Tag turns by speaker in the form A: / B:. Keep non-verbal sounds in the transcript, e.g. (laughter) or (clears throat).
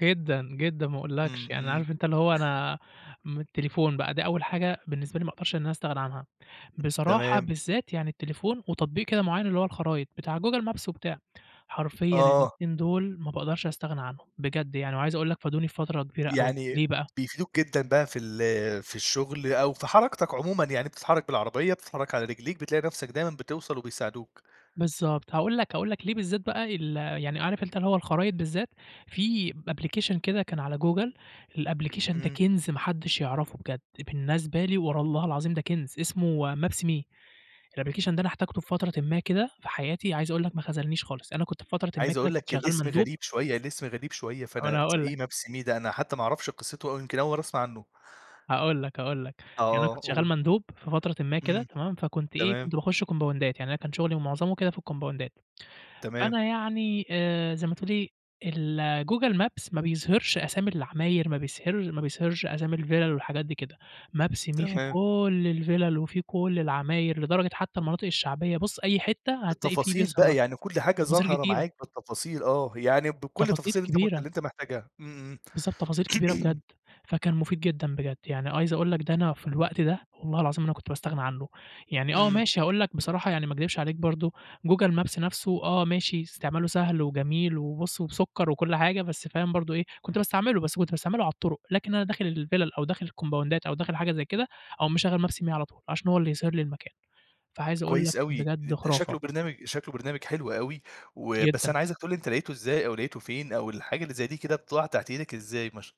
A: جدًا، جدًا، ما أقولكش،
B: إمم،
A: يعني
B: إمم.
A: عارف أنت اللي هو أنا م التليفون بقى دي أول حاجة بالنسبة لي ما أقدرش إن أنا أستغنى عنها. بصراحة
B: تمام.
A: بالذات يعني التليفون، وتطبيق كده معين اللي هو الخرايط، بتاع google maps وبتاع،
B: م
A: حرفيًا
B: آه.
A: الاتنين دُوُل ما باقدَرش أستغنى عنهم، بجد يعني وعايز أقول لك فادوني في فترة كبيرة أوي ليه
B: يعني
A: بقى؟
B: بيفيدوك جدًا بقى في ال في الشغل أو في حرَكتك عمومًا يعني بتتحرك بالعربية، بتتحرك على رجليك بتلاقي نَفْسك دايمًا بتوصَل وبيساعدوك.
A: بالضبط، هاقول لك هاقول لك ليه بالذات بقى ال يعني عارف أنت اللي هو الخرايط بالذات في أبليكشن كده كان على جوجل الأبلكيشن ده
B: إمم.
A: كِنز ما حدش يعرَفه بجد، بالنسبة لي ور الله العظيم ده كِنز اسمه maps me الأبلكيشن ده أنا احتاجته في فترةٍ ما كده في حياتي عايز أقول لك ما خذلنيش خالص، أنا كنت في فترةٍ ما
B: عايز
A: كده
B: أقول
A: كنت
B: لك
A: شغال
B: الاسم
A: مندوب
B: غريب شوية، الاسم غريب شوية
A: ما أنا
B: فأنا (tsk)
A: هاقول لك.
B: إيه maps me ده أنا حتى ما أعرفش قصته أو يمْكِن أول مرّة أسمَع عنه.
A: هاقول لك، هاقول لك، يعني أنا
B: آه،
A: كنت شغال
B: قُل.
A: مندوب في فترةٍ ما كده
B: إمم.
A: تمام؟ فكنت إيه
B: تمام.
A: كنت باخش كومباوندات يعني أنا كان شغلي ومعظمه كده في الكومباوندات.
B: تمام.
A: فأنا يعني آآ، زي ما تقول لي الgoogle maps ما بيظهرش أسامي العماير، ما بيظهرش ما بيظهرش أسامي الفيلل والحاجات دي كده. maps me في
B: تمام.
A: كُلّ الفيلل وفي كُلّ العماير لدرجة حتى المناطق الشعبية بُص أي حتة هتلاقي في
B: التفاصيل
A: بيظهر
B: بقى،
A: لك
B: يعني كُلّ حاجة
A: تفاصيل
B: ظاهرة
A: كتيرة.
B: معاك بالتفاصيل آه يعني بكُلَ
A: تفاصيل
B: التفاصيل اللي أنت مت اللي
A: كبيرة.
B: أنت محتاجها إمم،
A: بالضبط، تفاصيل كبيرة بجد
B: إمم. (clears throat)
A: فكان مفيد جدًا بجد، يعني عايز أقول لك ده أنا في الوقت ده والله العظيم أنا ما كنت باستغنى عنه، يعني آه
B: إمم.
A: ماشي هاقول لك بصراحة يعني ما اكدبش عليك برضه google maps نَفْسه آه ماشي استعماله سهل وجميل وبُص وبسكر وكُلّ حاجة، بس فاهم برضه إيه كنت باستعمله بس كنت باستعمله على الطُرق، لكن أنا داخل الفلل أو داخل الكومباوندات أو داخل حاجة زي كده أقوم مشغّل maps me على طُول عشان هو اللي يظهر لي المكان فعايز أقول لك
B: كويس أوي،
A: بجد
B: ده
A: خُرافة.
B: شكله برنامج شكله برنامج حلو أوي و بس
A: جدًا.
B: أنا عايزك تقول لي أنت لقيته إزاي، أو لقيته فين أو الحاجة اللي زي دي كده بتطلَع تحت إيدك إزاي؟ ما ش